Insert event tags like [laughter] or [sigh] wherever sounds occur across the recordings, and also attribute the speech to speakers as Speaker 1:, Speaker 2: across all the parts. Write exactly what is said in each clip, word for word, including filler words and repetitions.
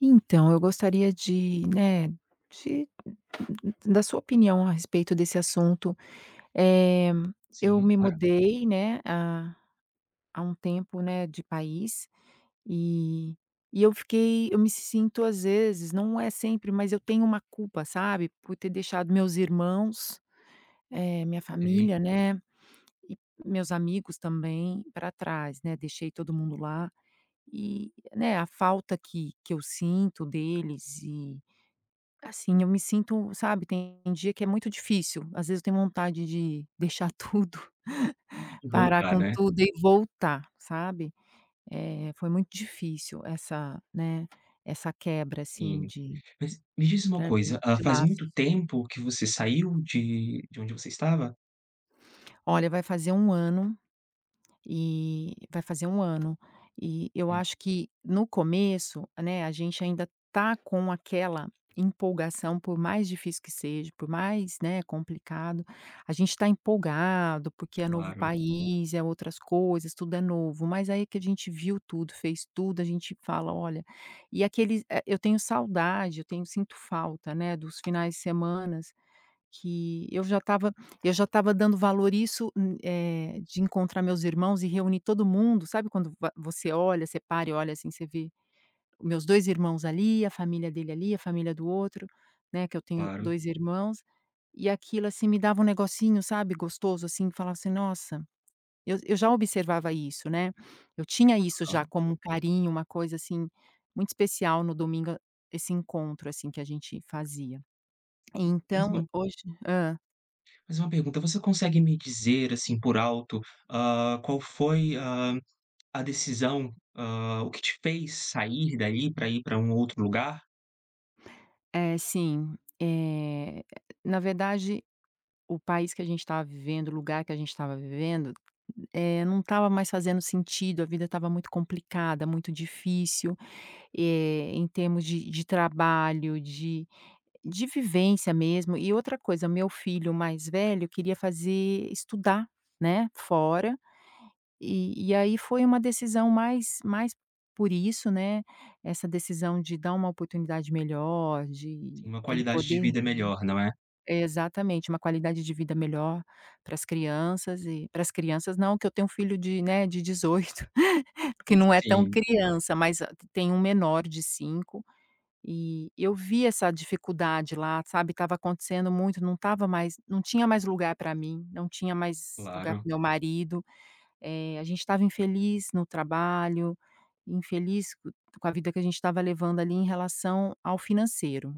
Speaker 1: Então, eu gostaria de, né, de d da sua opinião a respeito desse assunto. Eh, eu
Speaker 2: Sim,
Speaker 1: me
Speaker 2: claro.
Speaker 1: mudei, né, há há um tempo, né, de país eh, e eu fiquei eu me sinto às vezes, não é sempre, mas eu tenho uma culpa, sabe, por ter deixado meus irmãos, eh, minha
Speaker 2: Sei.
Speaker 1: família, né, e meus amigos também pra trás, né. Deixei todo mundo lá eh, né, a falta que que eu sinto deles e assim eu me sinto, sabe, tem dia que é muito difícil. Às vezes eu tenho vontade de deixar tudo parar
Speaker 2: Voltar,
Speaker 1: com
Speaker 2: né.
Speaker 1: tudo e voltar, sabe. Eh, foi muito difícil essa, né, essa quebra assim,
Speaker 2: Sim.
Speaker 1: de
Speaker 2: Mas, me diz uma
Speaker 1: pra mim,
Speaker 2: coisa, hã,
Speaker 1: de
Speaker 2: faz muito
Speaker 1: laços.
Speaker 2: tempo que você saiu de de onde você estava?
Speaker 1: Olha, vai fazer um ano eh, vai fazer um ano. E eu
Speaker 2: Hum.
Speaker 1: acho que no começo, né, a gente ainda tá com aquela empolgação, por mais difícil que seja, por mais, né, complicado, a gente tá empolgado porque é novo
Speaker 2: Claro.
Speaker 1: país, é outras coisas, tudo é novo, mas aí que a gente viu tudo, fez tudo, a gente fala: "Olha". E aqui eles eh, eu tenho saudade, eu tenho sinto falta, né, dos finais de semana que eu já estava eu já estava dando valor a isso, eh, de encontrar meus irmãos e reunir todo mundo, sabe, quando va você olha, você para e olha assim, você vê meus dois irmãos ali, a família dele ali, a família do outro, né, que eu tenho
Speaker 2: Claro.
Speaker 1: dois irmãos, e aquilo assim me dava um negocinho, sabe, gostoso assim, falava assim: "Nossa". Eu eu já observava isso, né. Eu tinha isso já
Speaker 2: Aham.
Speaker 1: como um carinho, uma coisa assim, muito especial no domingo, a esse encontro assim, que a gente fazia. Então,
Speaker 2: [unintelligible]
Speaker 1: hoje hã?
Speaker 2: Fazer uma pergunta, você consegue me dizer, assim, por alto, hã, qual foi, hã, a decisão, hã, o que te fez sair dali pra ir pra um outro lugar?
Speaker 1: Eh, sim. Eh, na verdade, o país que a gente tava vivendo, o lugar que a gente tava vivendo, eh, não tava mais fazendo sentido, a vida tava muito complicada, muito difícil, eh, em termos de de trabalho, de de vivência mesmo. E, outra coisa, meu filho mais velho queria fazer estudar, né, fora, e e aí, foi uma decisão mais mais por isso, né, essa decisão de dar uma oportunidade melhor,
Speaker 2: Sim,
Speaker 1: de
Speaker 2: uma
Speaker 1: ele
Speaker 2: qualidade de
Speaker 1: poder
Speaker 2: vida melhor, não é?
Speaker 1: exatamente, uma qualidade de vida melhor para as crianças e para as crianças não, que eu tenho um filho de, né, de dezoito que
Speaker 2: Hum,
Speaker 1: não é tão
Speaker 2: sim.
Speaker 1: criança, mas a t tenho um menor de cinco, e eu vi essa dificuldade lá, sabe, tava acontecendo muito, não tava mais não tinha mais lugar pra mim, não tinha mais lugar para
Speaker 2: Claro.
Speaker 1: o meu marido, eh, a gente tava infeliz no trabalho, infeliz co com a vida que a gente tava levando, ali, em relação ao financeiro.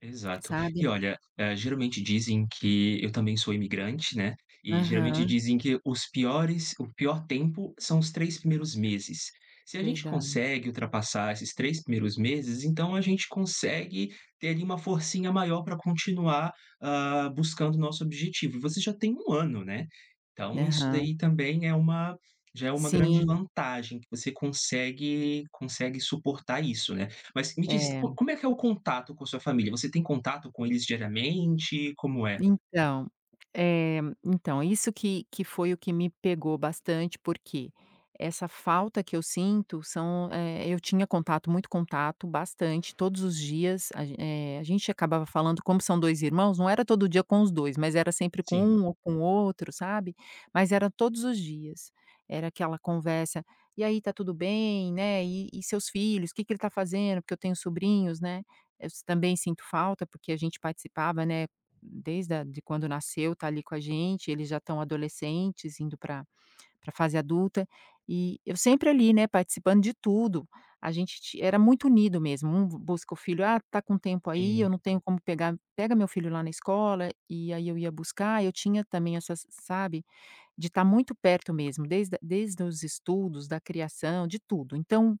Speaker 2: Exato.
Speaker 1: Sabe?
Speaker 2: E, olha, eh, geralmente, dizem que eu também sou imigrante, né, e, geralmente,
Speaker 1: Aham.
Speaker 2: dizem que os piores o pior tempo são os três primeiros meses. Se a gente
Speaker 1: Verdade.
Speaker 2: consegue ultrapassar esses três primeiros meses, então a gente consegue ter, ali, uma forcinha maior pra continuar, hã, buscando nosso objetivo. E você já tem um ano, né, então isso
Speaker 1: Aham.
Speaker 2: daí também é uma já é uma grande
Speaker 1: Sim.
Speaker 2: vantagem, que você consegue consegue suportar isso, né. Mas me diz,
Speaker 1: É.
Speaker 2: co como é que é o contato com sua família? Você tem contato com eles diariamente? Como é?
Speaker 1: Então, eh, então, isso que que foi o que me pegou bastante, porque essa falta que eu sinto são eh, eu tinha contato, muito contato, bastante, todos os dias. A ge eh, a gente acabava falando como são dois irmãos, não era todo dia com os dois, mas era sempre com
Speaker 2: Sim.
Speaker 1: um ou com outro, sabe, mas era todos os dias. Era aquela conversa: "E aí, tá tudo bem, né, e e seus filhos, o que que ele tá fazendo?", porque eu tenho sobrinhos, né, eu s também sinto falta, porque a gente participava, né, desde a de quando nasceu, tá, ali, com a gente, eles já tão adolescentes, indo pra pra fase adulta, e eu sempre, ali, né, participando de tudo, a gente ti era muito unido mesmo, um b busca o filho: "Ah, tá com tempo aí,
Speaker 2: Sim.
Speaker 1: eu não tenho como pegar pega meu filho lá na escola.", e e aí, eu ia buscar, eu tinha também essas sabe, de tá muito perto mesmo, desde desde os estudos, da criação, de tudo. Então,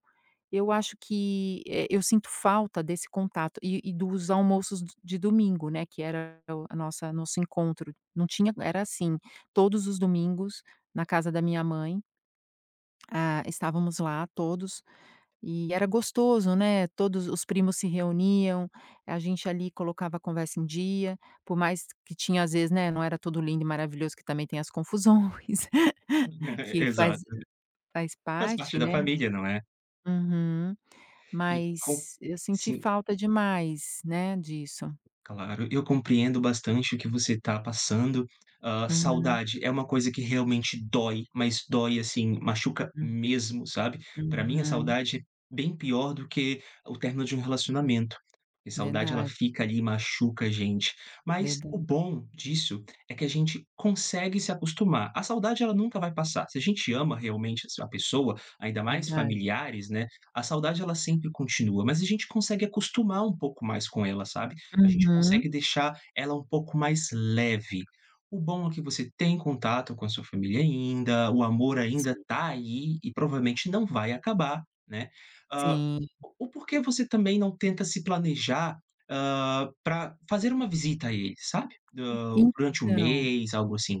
Speaker 1: eu acho que, eh, eu sinto falta desse contato e e dos almoços d de domingo, né, que era o a nossa nosso encontro, não tinha era assim, todos os domingos na casa da minha mãe hã, estávamos lá, todos, e era gostoso, né, todos os os primos se reuniam, a gente, ali, colocava a conversa em dia, por mais que tinha às vezes, né, não era tudo lindo e maravilhoso, que também tem as confusões
Speaker 2: [chuckles]
Speaker 1: que faz
Speaker 2: Exato.
Speaker 1: faz
Speaker 2: Faz parte
Speaker 1: parte,
Speaker 2: da
Speaker 1: né.
Speaker 2: família, não é?
Speaker 1: Uhum.
Speaker 2: E com
Speaker 1: Mas eu senti
Speaker 2: sim.
Speaker 1: falta demais, né, disso.
Speaker 2: Claro, eu compreendo bastante o que você tá passando, hã,
Speaker 1: Uhum.
Speaker 2: saudade é uma coisa que, realmente, dói, mas dói, assim, machuca
Speaker 1: Hum.
Speaker 2: mesmo, sabe, pra mim, a
Speaker 1: Uhum.
Speaker 2: saudade, bem pior do que o término de um relacionamento, porque saudade ela
Speaker 1: Verdade.
Speaker 2: fica ali, e machuca a gente, mas o
Speaker 1: Verdade.
Speaker 2: bom disso é que a gente consegue se acostumar, a saudade ela nunca vai passar, se a gente ama, realmente, es a pessoa, ainda mais
Speaker 1: Verdade.
Speaker 2: familiares, né, a saudade ela sempre continua, mas a gente consegue acostumar um pouco mais com ela, sabe, a gente
Speaker 1: Uhum.
Speaker 2: consegue deixar ela um pouco mais leve. O bom é que você tem contato com a sua família ainda, o amor ainda
Speaker 1: Si
Speaker 2: tá aí, e, provavelmente, não vai acabar, né, hã,
Speaker 1: Sim.
Speaker 2: o o por que você, também, não tenta se planejar, hã, pra fazer uma visita a eles, sabe, hã,
Speaker 1: E
Speaker 2: durante um
Speaker 1: então
Speaker 2: mês, algo assim?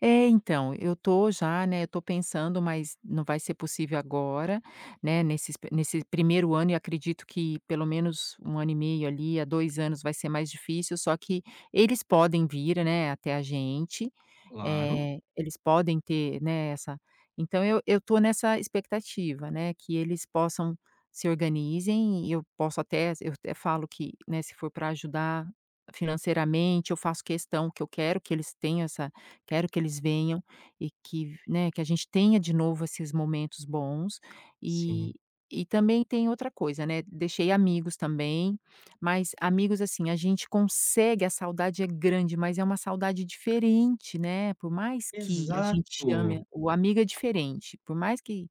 Speaker 1: É, então, eu tô já, né, eu tô pensando, mas não vai ser possível agora, né, nesses p nesse primeiro ano, e acredito que pelo menos um ano e meio, ali, a dois anos vai ser mais difícil. Só que eles podem vir, né, até a gente,
Speaker 2: Claro.
Speaker 1: eh, eles podem ter, né, essa então eu eu tô nessa expectativa, né, que eles possam se organizem e eu posso até e eu até falo que, né, se for pra ajudar financeiramente, eu faço questão, que eu quero que eles tenham essa quero que eles venham e que, né, que a gente tenha de novo esses momentos bons. E
Speaker 2: Sim.
Speaker 1: e também tem outra coisa, né, deixei amigos também, mas amigos, assim, a gente consegue. A saudade é grande, mas é uma saudade diferente, né. Por mais que a gente
Speaker 2: Exato.
Speaker 1: ame, o amigo é diferente. Por mais que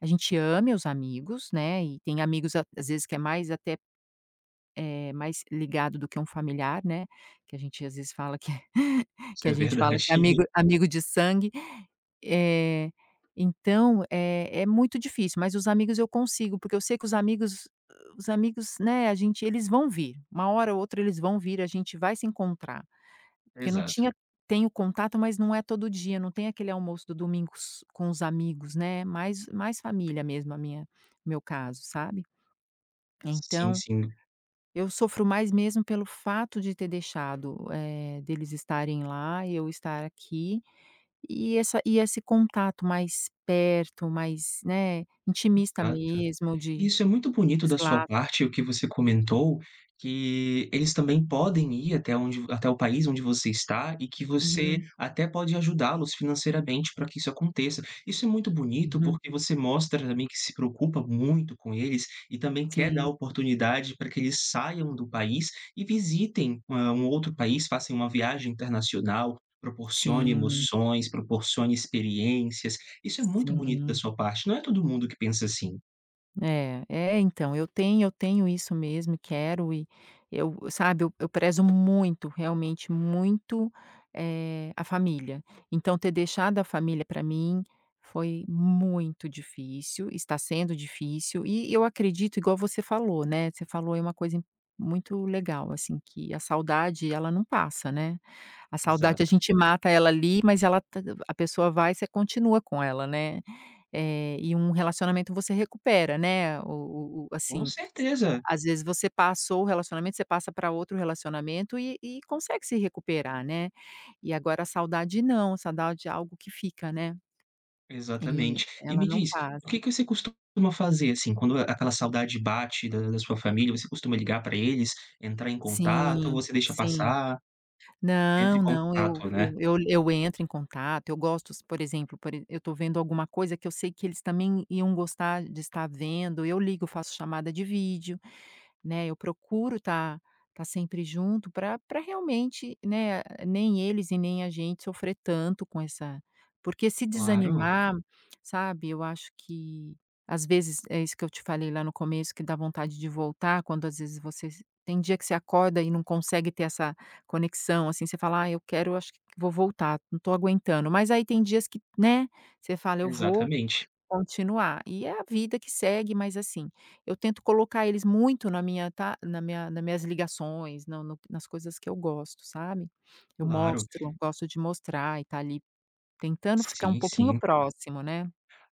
Speaker 1: a gente ame os amigos, né, e tem amigos, às vezes, que é mais até, eh, mais ligado do que um familiar, né. Que a gente, às vezes, fala que [chuckles]
Speaker 2: Isso
Speaker 1: que a
Speaker 2: é verdade.
Speaker 1: gente fala que é
Speaker 2: [chuckles]
Speaker 1: amigo amigo de sangue. Eh, então, eh, é muito difícil, mas os amigos eu consigo, porque eu sei que os amigos os amigos, né, a gente eles vão vir, uma hora ou outra, eles vão vir, a gente vai se encontrar, porque não
Speaker 2: Exato.
Speaker 1: tinha tenho contato, mas não é todo dia, não tem aquele almoço do domingo s com os amigos, né, mais mais família mesmo, a minha, meu caso, sabe.
Speaker 2: Sim,
Speaker 1: Então,
Speaker 2: sim.
Speaker 1: eu sofro mais, mesmo, pelo fato de ter deixado, eh, deles estarem lá e eu estar aqui, e essa e esse contato mais perto, mais, né, intimista
Speaker 2: Exato.
Speaker 1: mesmo, de.
Speaker 2: Isso é muito bonito da sua
Speaker 1: [unintelligible]
Speaker 2: parte, o que você comentou, que eles também podem ir até onde até o país onde você está e que você
Speaker 1: Uhum.
Speaker 2: até pode ajudá-los financeiramente pra que isso aconteça. Isso é muito bonito,
Speaker 1: Uhum.
Speaker 2: porque você mostra, também, que se preocupa muito com eles e também quer dar a
Speaker 1: Sim.
Speaker 2: oportunidade pra que eles saiam do país e visitem, hã, um outro país, façam uma viagem internacional, proporcione
Speaker 1: Sim.
Speaker 2: emoções, proporcione experiências. Isso é muito bonito da
Speaker 1: Sim.
Speaker 2: sua parte. Não é todo mundo que pensa assim.
Speaker 1: É. É, então, eu tenho eu tenho isso mesmo e quero, e eu, sabe, eu eu prezo muito, realmente, muito, eh, a família, então ter deixado a família, pra mim foi muito difícil, está sendo difícil, e eu acredito, igual você falou, né, você falou aí uma coisa muito legal, assim, que a saudade, ela não passa, né, a saudade a
Speaker 2: Exato.
Speaker 1: gente mata ela ali, mas ela tá a pessoa vai, você continua com ela, né, eh, e um relacionamento você recupera, né, o o o
Speaker 2: Com
Speaker 1: assim,
Speaker 2: certeza.
Speaker 1: às vezes você passou o relacionamento, você passa pra outro relacionamento, e e consegue se recuperar, né. E agora a saudade não, a saudade é algo que fica, né, e
Speaker 2: Exatamente. E
Speaker 1: ela
Speaker 2: me
Speaker 1: não
Speaker 2: diz,
Speaker 1: passa.
Speaker 2: o que que você costuma fazer, assim, quando a aquela saudade bate da da sua família, você costuma ligar pra eles, entrar em contato ou
Speaker 1: Sim,
Speaker 2: você deixa
Speaker 1: sim.
Speaker 2: passar? Entra em
Speaker 1: Não, não, eu
Speaker 2: contato, né?
Speaker 1: eu eu l eu entro em contato, eu gosto, por exemplo por e eu tô vendo alguma coisa que eu sei que eles também iam gostar de estar vendo, eu ligo, faço chamada de vídeo, né, eu procuro tá tá sempre junto pra pra realmente, né, nem eles e nem a gente sofrer tanto com essa porque se
Speaker 2: Claro.
Speaker 1: desanimar, sabe, eu acho que às vezes, é isso que eu te falei lá no começo, que dá vontade de voltar, quando às vezes você se tem dia que você acorda e não consegue ter essa conexão, assim, você fala: "Ai, eu quero acho que vou voltar, não tô aguentando". mas aí tem dias que, né, você fala: "Eu vou
Speaker 2: Exatamente.
Speaker 1: continuar", e é a vida que segue, mas assim, eu tento colocar eles muito na minha ta na minha nas minhas ligações, no no nas coisas que eu gosto, sabe. Eu
Speaker 2: Claro.
Speaker 1: mostro, gosto de mostrar e tá ali tentando ficar um
Speaker 2: Sim,
Speaker 1: pouquinho
Speaker 2: sim.
Speaker 1: próximo, né.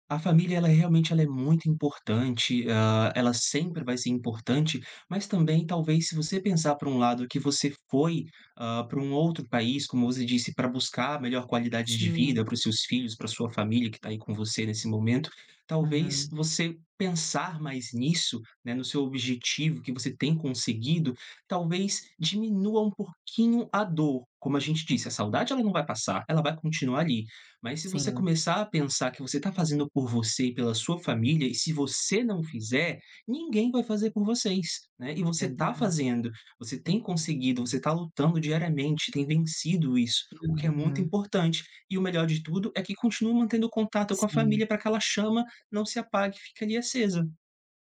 Speaker 2: A família, ela é, realmente, ela é muito importante, hã, ela sempre vai ser importante, mas também, talvez, se você pensar por um lado que você foi, hã, para um outro país, como você disse, pra buscar a melhor qualidade de
Speaker 1: Sim.
Speaker 2: vida para os seus filhos, pra sua família que tá aí com você nesse momento, talvez
Speaker 1: Uhum.
Speaker 2: você pensar mais nisso, né, no seu objetivo que você tem conseguido, talvez diminua um pouquinho a dor. Como a gente disse, a saudade ela não vai passar, ela vai continuar ali, mas se você
Speaker 1: Sim.
Speaker 2: começar a pensar que você tá fazendo por você e pela sua família e se você não fizer, ninguém vai fazer por vocês, né, e você tá
Speaker 1: Verdade.
Speaker 2: fazendo, você tem conseguido, você tá lutando diariamente, tem vencido isso, o que é muito
Speaker 1: Uhum.
Speaker 2: importante. E o melhor de tudo é que continua mantendo o contato com a
Speaker 1: Sim.
Speaker 2: família pra que ela chama não se apague, fique, ali, acesa.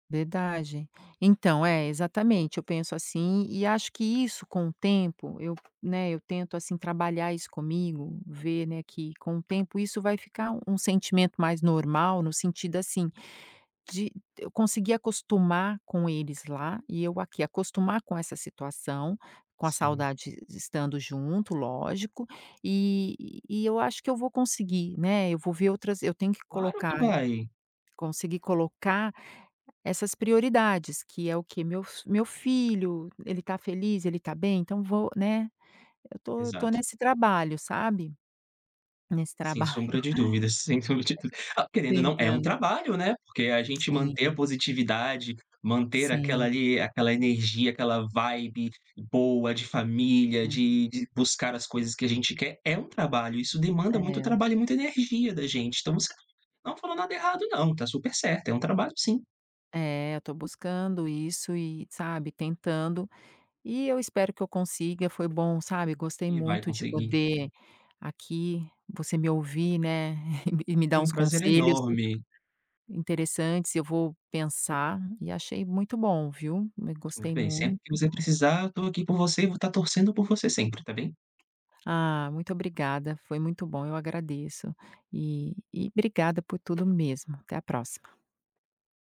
Speaker 1: Verdade. Então, é, exatamente, eu penso assim e acho que isso com o tempo, eu, né, eu tento assim trabalhar isso comigo, ver, né, que com o tempo isso vai ficar um sentimento mais normal, no sentido, assim, de eu conseguir acostumar com eles lá e eu aqui, acostumar com essa situação, com a
Speaker 2: Sim.
Speaker 1: saudade de estando junto, lógico. E e eu acho que eu vou conseguir, né. Eu vou ver outras eu tenho que
Speaker 2: Claro
Speaker 1: colocar
Speaker 2: que vai.
Speaker 1: conseguir colocar essas prioridades, que é o quê? Meu f meu filho, ele está feliz? Ele está bem? Então, vou né. Eu tô eu tô
Speaker 2: Exato.
Speaker 1: nesse trabalho, sabe, nesse
Speaker 2: Sem sombra
Speaker 1: trabalho
Speaker 2: de dúvidas, sem sombra de dúv ah,
Speaker 1: [chuckles]
Speaker 2: querendo ou não, é um
Speaker 1: Tentando.
Speaker 2: trabalho, né, porque a gente manter a
Speaker 1: Sim.
Speaker 2: positividade, manter aquela
Speaker 1: Sim.
Speaker 2: ali, aquela energia, aquela vibe boa de família,
Speaker 1: Sim.
Speaker 2: de de buscar as coisas que a gente quer, é um trabalho, isso demanda muito
Speaker 1: É.
Speaker 2: trabalho e muita energia da gente. Então você não falou nada errado, não, está super certo, é um trabalho sim.
Speaker 1: É, eu tô buscando isso e, sabe, tentando. E eu espero que eu consiga. Foi bom, sabe, gostei
Speaker 2: E vai
Speaker 1: muito de
Speaker 2: conseguir.
Speaker 1: poder aqui, você me ouvir, né, [chuckles] e m e me dar
Speaker 2: Foi um
Speaker 1: uns
Speaker 2: prazer
Speaker 1: conselhos in
Speaker 2: enorme.
Speaker 1: interessantes, e eu vou pensar e achei muito bom, viu, m
Speaker 2: Muito
Speaker 1: gostei
Speaker 2: bem, sempre
Speaker 1: muito.
Speaker 2: que você precisar, eu tô aqui por você e vou tá torcendo por você sempre, tá bem.
Speaker 1: Ah, muito obrigada, foi muito bom, eu agradeço. E e obrigada por tudo mesmo. Até a próxima.